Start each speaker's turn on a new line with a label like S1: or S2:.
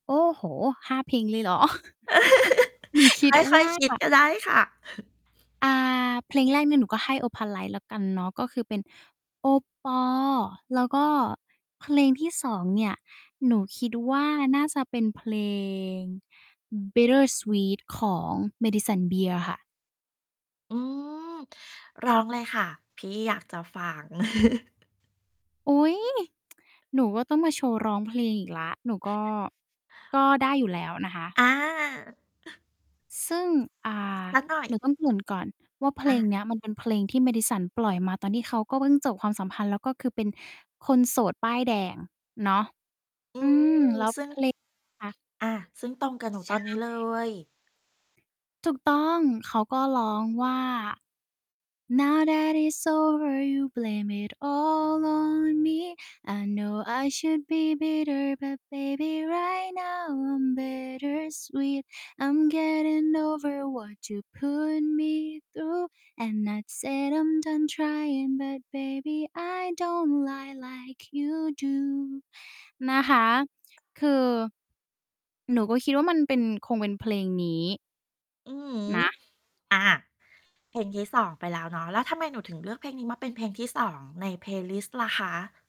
S1: โอ้โฮ 5 เพลงเลยเหรอ? หนูคิด
S2: ค่
S1: ว
S2: อย
S1: ่า
S2: ๆ คิดก็ได้ค่ะ
S1: อ่า เพลงแรกเนี่ยหนูก็ให้ Opalite แล้วกันเนาะ ก็คือเป็นโอปอ แล้วก็เพลงที่ 2 เนี่ย หนูคิดว่าน่าจะเป็นเพลง Bittersweet ของ Madison Beer ค่ะ
S2: อืม ร้องเลยค่ะ พี่อยากจะฟัง
S1: อุ๊ย หนูอะต้องมาโชว์ร้องเพลงอีกแล้ว หนูก็ ก็ได้อยู่แล้วนะคะ
S2: อา
S1: ซึ่ง อ่า
S2: สักหน่อ
S1: ห
S2: ย
S1: นูต้อง เกริ่น ก่อนว่า เพล
S2: อ
S1: ง
S2: า
S1: เนี้ยมันเป็นเพลงที่ Madison ปล่อยมาตอนที่เขาก็เพิ่งจบความสัมพันธ์ แล้วก็คือเป็นคนโสดป้ายแดงเนาะ
S2: อื
S1: อื
S2: ม
S1: ม แล้ว
S2: ซึ่
S1: เพ
S2: ง
S1: ลง คะ
S2: อา ซึ่งตรงกับหนู
S1: ใช
S2: ตอนนี
S1: ่
S2: ้เลย
S1: ถูกต้อง เขาก็ร้องว่า Now that it's over, you'll blame it all on me. I know I should be bitter, but baby right now I'm bittersweet. I'm getting over what you put me through. And I'd say I'm done crying, but baby I don't lie like you do. นะคะ คือ หนูก็คิดว่ามันเป็น คงเป็นเพลงนี้
S2: อือฮึ
S1: นะ
S2: อา เพลงที่ 2 ไปแล้วเนาะ แล้วทำไมหนูถึงเลือกเพลงนี้มาเป็นเพลงที่ 2 ใน Playlist ล่ะคะ?